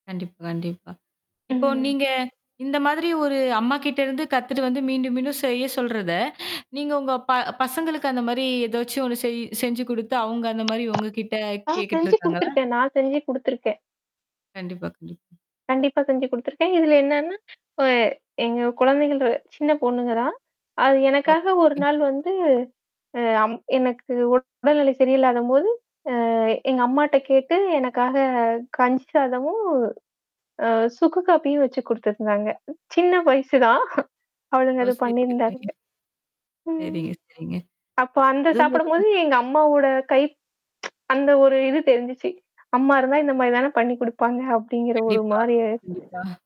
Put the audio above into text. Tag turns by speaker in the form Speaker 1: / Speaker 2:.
Speaker 1: கண்டிப்பா, கண்டிப்பா. இப்போ
Speaker 2: ம்.
Speaker 1: நீங்க இந்த மாதிரி ஒரு அம்மாகிட்ட இருந்து கத்துட்டு வந்து மீண்டும் மீண்டும் செய்ய சொல்றத, நீங்க உங்க ப பசங்களுக்கு அந்த மாரி ஏதாச்சும் ஒண்ணு செய் செஞ்சு குடுத்து அங்க அந்த மாரி உங்க கிட்ட
Speaker 2: நான்
Speaker 1: கேட்டுட்டு
Speaker 2: செஞ்சு
Speaker 1: இருக்காங்களா?
Speaker 2: குடுத்துருக்கேன் நான் செஞ்சு குடுத்துருக்கேன்.
Speaker 1: கண்டிப்பா, கண்டிப்பா.
Speaker 2: கண்டிப்பா செஞ்சு குடுத்துருக்கேன். இதல என்னன்னா, அ எங்க குழந்தைகள் சின்ன பொண்ணுங்கதா. அது எனக்காக ஒரு
Speaker 1: ஓகே.
Speaker 2: நாள் வந்து அ அம் எனக்கு உ உடல்நிலை சரியில்லாதம்போது, அ எங்க அம்மாட்ட கேட்டு எனக்காக கஞ்சி சாதமும் அ சுக்கு காபியும் வச்சு குடுத்துருந்தாங்க. சின்ன வயசுதான்? அவளுங்க
Speaker 1: ஓ!
Speaker 2: அத
Speaker 1: சரிங்க,
Speaker 2: பண்ணியிருந்தாளுங்க.
Speaker 1: சரிங்க.
Speaker 2: ம்.
Speaker 1: சரிங்க, சரிங்க.
Speaker 2: அப்ப அந்த சாப்பிடும்போது
Speaker 1: [unintelligible]
Speaker 2: எங்க அம்மாவோட கை அந்த ஒரு இது தெரிஞ்சுச்சு. அம்மா இருந்தா இந்த மாரி தானே பண்ணி் குடுப்பாங்க அப்படிங்கிற ஒரு
Speaker 1: கண்டிப்பா.
Speaker 2: மாரிய இருந்தது.
Speaker 1: கண்டிப்பா.